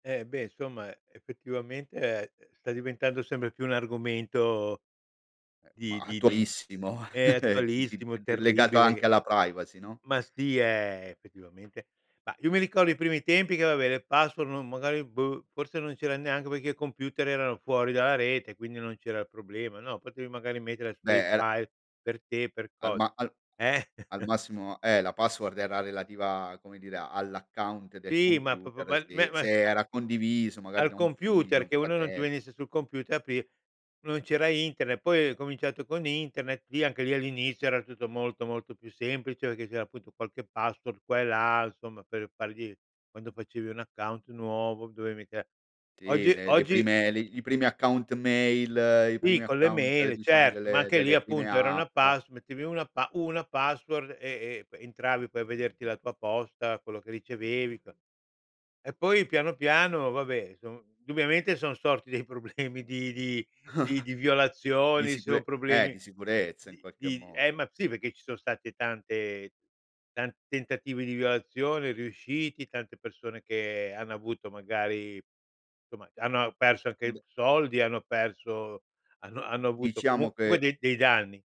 Eh, beh, insomma, effettivamente, ehm, sta diventando sempre più un argomento Ehm, ma di di di attualissimo ehm di attualissimo, uhm, di legato terribile che anche alla privacy no? Ma sì è, effettivamente mah io mi ricordo i primi tempi che vabbè, le password non magari boh, forse non c'era neanche perché i computer erano fuori dalla rete, quindi non c'era il problema. No, potevi magari mettere su dei Beh, era file per te, per Al cosa. ma al Eh? al massimo, eh, la password era relativa a come dire all'account del Sì, ma pro computer se probabilmen ma se s era condiviso magari Al da un figlio, computer, un che uno non ti fratel venisse sul computer, aprir non c'era Internet, poi ha cominciato con Internet, lì anche lì all'inizio era tutto molto, molto più semplice, perché c'era appunto qualche password qua e là insomma per fargli quando facevi un account nuovo, dovevi mica Sì Oggi le le oggi prime li i primi account mail i Sì primi con le account mail, diciamo certo, ma delle anche lì delle prime appunto era una app. pass mettevi una pass una password e e entravi poi a vederti la tua posta, quello che ricevevi e cos E poi piano, piano, vabbè insom indubbiamente son sorti dei problemi di di di di Di violazioni, se ho sicure eh, problemi di sicurezza in di qualche di ehm, modo. ma sì perché ci sono stati tante tanti tentativi di violazione riusciti, tante persone che hanno avuto magari insomma, hanno perso anche Be soldi, hanno perso hanno hanno avuto co Diciamo comunque che. dei dei danni.